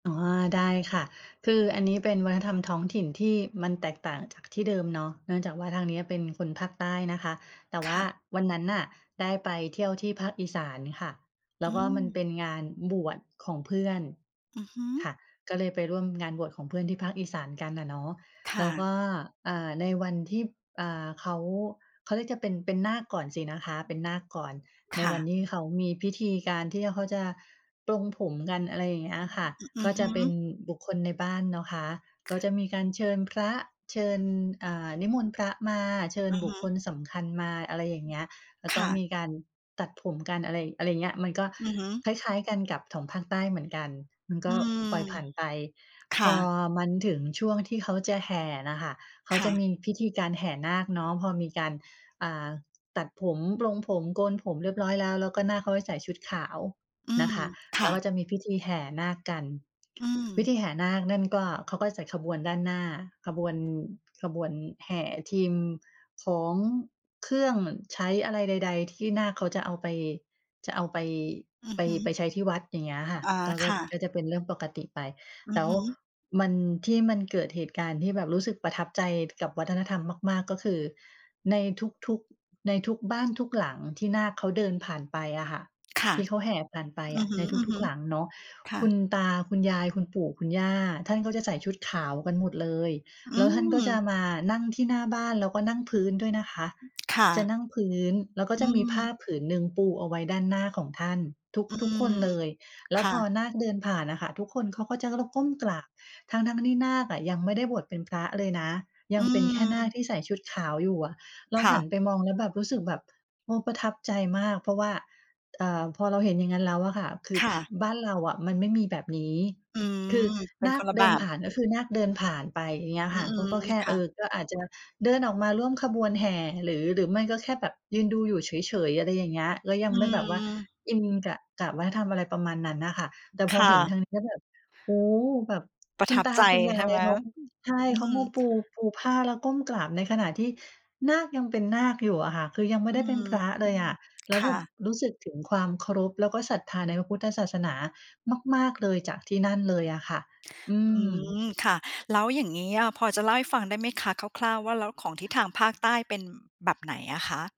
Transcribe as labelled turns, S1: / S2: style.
S1: อ๋อ ได้ค่ะ คืออันนี้เป็นวัฒนธรรมท้องถิ่นที่มันแตกต่างจากที่เดิมเนาะ เนื่องจากว่าทางเนี้ยเป็นคนภาคใต้นะคะ แต่ว
S2: ค
S1: ่า
S2: ่ะ
S1: วันนั้นน่ะได้ไปเที่ยวที่ภาคอีสานค่ะ แล
S2: อ
S1: ้
S2: ื
S1: วก็มัน
S2: ม
S1: เป็นงานบวชของเพื่อน
S2: อือฮึ
S1: ค่ะ ก็เลยไปร่วมงานบวชของเพื่อนที่ภาคอีสานกันอะเนาะ
S2: ค
S1: แ
S2: ่
S1: ล้ว
S2: ะ
S1: ก็ อ่า ในวันที่ อ่า เขา เขาเรียกจะ เป็น เป็นนาคก่อนสินะคะ
S2: อ
S1: เป็นนาคก่อน ใ
S2: ค
S1: น
S2: ่
S1: วัน
S2: ะ
S1: ที่เขามีพิธีการที่เขาจะปลงผมกัน อะไรอย่างเงี้ย
S2: อื
S1: อะค่ะ
S2: อ อ อื
S1: ก
S2: อ
S1: ็
S2: ฮ
S1: จะเป็น
S2: ึ
S1: บุคคลในบ้านเนาะคะ
S2: ค
S1: ก็
S2: ่ะ
S1: จะมีการเชิญพระ เชิญ อ่า นิมนต์พระมา เชิ
S2: อ
S1: ญ
S2: ือ
S1: บ
S2: ฮ
S1: ุค
S2: ึ
S1: คลสำคัญมา อะไรอย่า
S2: อ
S1: งเงี้ย แล้ว
S2: ค
S1: ก็
S2: ่
S1: ม
S2: ะ
S1: ีการตัดผมกัน อะไร อะไรอย่างเงี้ย มันก็
S2: อือฮึ
S1: คล้าย ๆ กันกับของภาคใต้เหมือนกัน มันก
S2: อื
S1: ็
S2: ม
S1: ปล่อยผ่านไป
S2: ค
S1: พ
S2: ่
S1: อ
S2: ะ
S1: มันถึงช่วงที่เขาจะแห่น่ะค่ะ เขา
S2: ค
S1: จ
S2: ่
S1: ะ
S2: ะ
S1: มีพิธีการแห่นาคเนาะ พอมีการ อ่า ตัดผม ปลงผม โกนผม เรียบร้อยแล้ว แล้วก็นาคเขาให้ใส่ชุดขาว
S2: อื
S1: นะ
S2: อ
S1: คะ
S2: ค
S1: แล
S2: ่
S1: ้
S2: ะ
S1: วก็จะมีพิธีแห่นาคกัน
S2: อื
S1: พ
S2: ม
S1: ิธีแห่นาคนั่นก็ เขาก็จัดขบวนด้านหน้า ขบวน ขบวนแห่ทีม ของ เครื่องใช้อะไรใด ๆ ที่นาคเขาจะเอาไป จะเอาไป
S2: อือ
S1: ไป
S2: ฮ
S1: ไป
S2: ึ
S1: ใช้ที่วัด อย่างเงี้ยค
S2: อ
S1: ่ะ
S2: อา
S1: ก็ ก
S2: ค
S1: ็
S2: ่ะ
S1: ก็จะเป็นเรื่องปกติไป
S2: อื
S1: แล
S2: อ
S1: ้ว
S2: ฮึ
S1: มัน ที่มันเกิดเหตุการณ์ที่แบบรู้สึกประทับใจกับวัฒนธรรมมาก ๆ ก็คือในทุก ๆ ในทุกบ้าน ทุกหลัง ที่นาคเขาเดินผ่านไปอะค่ะ
S2: ค่ะ
S1: ที่เขาแห่ผ่านไป
S2: อื
S1: อ
S2: อ
S1: ะในทุ
S2: ฮ
S1: ก
S2: ึ
S1: ๆ หลังเนาะ
S2: ๆ ค่
S1: คุ
S2: ะ
S1: ณตา คุณยาย คุณปู่ คุณย่า ท่านก็จะใส่ชุดขาวกันหมดเลย
S2: อื
S1: แล้วท่านก็จะ
S2: อ
S1: มานั่งที่หน้าบ้าน แล้วก็นั่งพื้นด้วยนะคะ
S2: ค่ะ
S1: จะนั่งพื้น แล้วก็
S2: อื
S1: จะมีผ้า
S2: ม
S1: ผืนหนึ่งปูเอาไว้ด้านหน้าของท่านทุก
S2: อื
S1: ทุกค
S2: ม
S1: นเลย แล
S2: ค
S1: ้ว
S2: ่
S1: พอ
S2: ะ
S1: นาคเดินผ่านอะค่ะ ทุกคนเขาก็จะ ล ก้มกราบ ทั้ง ๆ ที่นาคอะยังไม่ได้บวชเป็นพระเลยนะ ย
S2: อ
S1: ั
S2: ื
S1: งเป็นแค่นาค
S2: ม
S1: ที่ใส่ชุดขาวอยู่อะ เรา
S2: ค่
S1: หั
S2: ะ
S1: นไปมองแล้วแบบรู้สึกแบบ เออ ประทับใจมาก เพราะว่า อ่า พอเราเห็นอย่างนั้นแล้วอะค่ะ คือ
S2: ค่
S1: พ
S2: ะ
S1: บ้านเราอะมันไม่มีแบบนี้
S2: อื
S1: คือ
S2: อ เป็
S1: น
S2: น
S1: า
S2: ค
S1: ค
S2: นละ
S1: เ
S2: แ
S1: ด
S2: บ
S1: ินผ
S2: บ
S1: ่าน ก็คือนาคเดินผ่านไป อย่างเงี้ย
S2: อื
S1: ค่ะ ก็
S2: ม
S1: ก็แค่
S2: ๆ ค่
S1: เอ
S2: ะ
S1: อ ก็อาจจะเดินออกมาร่วมขบวนแห่ หรือ หรือไม่ก็แค่แบบยืนดูอยู่เฉย ๆ อะไรอย่างเงี้ย ก็ยั
S2: อ
S1: งไม่แบบว่า
S2: ืม
S1: อินกับกราบไหว้ ทำอะไรประมาณนั้นน่ะค่ะ แต
S2: ค่ะ
S1: ่พอเห็นทางนี้แล้วแบบ โอ้โฮ แบบ
S2: ปร
S1: ค
S2: ะ
S1: ุ
S2: ท
S1: ณ
S2: ับ
S1: ตา
S2: ใจ
S1: คุณย
S2: ใ
S1: า
S2: ช่
S1: ย
S2: ไหม?
S1: เขา ใช่
S2: อื
S1: เขา
S2: ม
S1: มาปู ปูผ้า แล้วก้มกราบ ในขณะที่นาคยังเป็นนาคอยู่อะค่ะ คือยังไม
S2: อ อ
S1: ่
S2: ื
S1: ได้เป็น
S2: ม
S1: พระเลยอะ แล
S2: ค
S1: ้วแ
S2: ่
S1: บบ
S2: ะ
S1: รู้สึกถึงความเคารพ แล้วก็ศรัทธาในพระพุทธศาสนามาก ๆ เลย จากที่นั่นเลยอะค่ะ อื
S2: อื
S1: ม
S2: ม ค่ะ แล้วอย่างงี้อะพอจะเล่าให้ฟังได้ไหมคะ คร่าว ๆ ว่า แล้วของที่ทางภาคใต้เป็นแบบไหนอะคะ?